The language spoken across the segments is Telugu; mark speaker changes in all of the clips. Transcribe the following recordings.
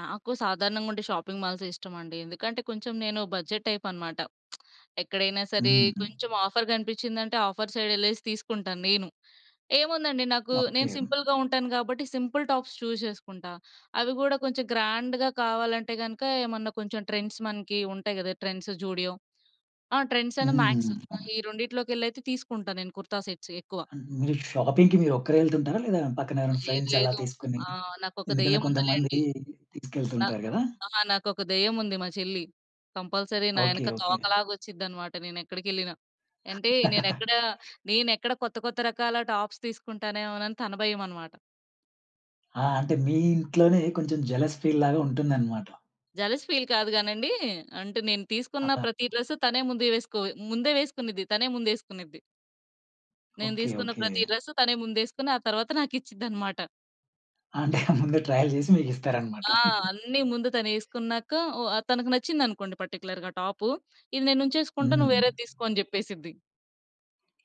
Speaker 1: నాకు సాధారణంగుండే షాపింగ్ మాల్సే ఇష్టమండి. ఎందుకంటే కొంచెం నేను బడ్జెట్ టైప్ అనమాట. ఎక్కడైనా సరే
Speaker 2: హుహు.
Speaker 1: కొంచెం ఆఫర్ గనిపించిందంటే ఆఫర్ సైడ్ యెళ్ళేసి తీసుకుంటాను నేను. ఏముందండి నాకు నేను
Speaker 2: ఓకే.
Speaker 1: సింపుల్‌గా ఉంటాను గాబట్టి సింపుల్ టాప్స్ చూస్ చేసుకుంటా. అవి గూడా కొంచెం గ్రాండ్‌గా కావాలంటే గనుక ఏమన్నా కొంచెం ట్రెండ్స్ మనకి ఉంటాయి గదా! ట్రెండ్స్, జూడియో. ఆ! ట్రెండ్సను మ్యాక్స్.
Speaker 2: హ్మ్. అవును.
Speaker 1: ఈ రెండిట్లోకెళ్ళైతే తీసుకుంటా నేను కుర్తా సెట్స్ ఎక్కువ.
Speaker 2: మ్ మీరు షాపింగ్‌కి మీరొక్కరే యెళ్తుంటారా లేదా పక్కనెవరైనా
Speaker 1: లేదు.
Speaker 2: ఫ్రెండ్స్ అలా
Speaker 1: లేదు.
Speaker 2: తీసుకొని,
Speaker 1: ఆ! నాకొక
Speaker 2: ఎందుకంటే కొంతమంది
Speaker 1: దెయ్యముందిలేండి. నా
Speaker 2: తీసుకెళ్తుంటారు గదా!
Speaker 1: ఆ! నాకొక దెయ్యముంది మా చెల్లి కంపల్సరీ నా
Speaker 2: ఓకే.
Speaker 1: యెనక
Speaker 2: ఓకే.
Speaker 1: తోకలాగొచ్చిద్దనమాట. నేనెక్కడికెళ్ళినా. అంటే నేనెక్కడా, నేనెక్కడ కొత్త కొత్త రకాల టాప్స్ తీసుకుంటానేమోనని తన భయమనమాట.
Speaker 2: ఆ! అంటే మీ ఇంట్లోనే కొంచెం జలస్ ఫీల్‌ లాగా ఉంటుందనమాట.
Speaker 1: జలస్ ఫీల్ కాదు గానండీ! అంటే నేను తీసుకున్న
Speaker 2: ఆ!
Speaker 1: ప్రతి డ్రెస్ తనే ముందే వేసుకో ముందే వేసుకునిద్ది, తనే ముందేసుకునిద్ది. నేను
Speaker 2: ఓకే.
Speaker 1: దీసుకున్న
Speaker 2: ఓకే.
Speaker 1: ప్రతి డ్రెస్ తనే ముందేసుకొని ఆ తర్వాత నాకిచ్చిద్దనమాట.
Speaker 2: అంటే ముందు ట్రయల్సేసి మీకిస్తారనమాట.
Speaker 1: ఆ! అన్ని ముందు తనేసుకున్నాక ఓ తనకు నచ్చిందనుకోండి పర్టిక్యులర్‌గా టాప్ ఇది నేనుంచేసుకుంటా నువ్వు
Speaker 2: హ్మ్.
Speaker 1: వేరేది తీసుకో అని చెప్పేసిద్ది.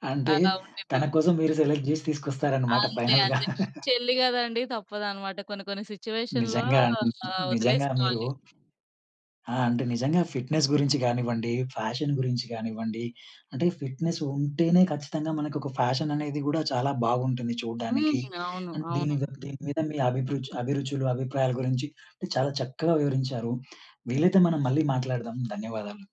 Speaker 2: అంటే
Speaker 1: అలా ఉండిద్ది.
Speaker 2: తన కోసం మీరు సెలెక్ట్ చేసి తీసుకొస్తారనమాట
Speaker 1: అంతే.
Speaker 2: ఫైనల్‌గా.
Speaker 1: అంతే. చెల్లి గదండీ! తప్పదనమాట కొన్ని కొన్ని సిట్యుయేషన్‌లో
Speaker 2: నిజంగా. నిజంగా మీరు
Speaker 1: వదిలేసుకోవాలి.
Speaker 2: ఆ! అంటే నిజంగా ఫిట్‌నెస్ గురించి గానివ్వండి, ఫ్యాషన్ గురించి గానివ్వండి అంటే ఫిట్‌నెస్ ఉంటేనే ఖచ్చితంగా మనకొక ఫ్యాషన్ అనేది గూడా చాలా బాగుంటుంది
Speaker 1: హ్మ్.
Speaker 2: చూడ్డానికి.
Speaker 1: అవును.
Speaker 2: అండ్ దీని
Speaker 1: అవును.
Speaker 2: ద దీని మీద మీ అభిరుచు అభిరుచులు అభిప్రాయాల గురించి చాలా చక్కగా వివరించారు. వీలైతే మనం మళ్ళీ మాట్లాడదాం. ధన్యవాదాలు.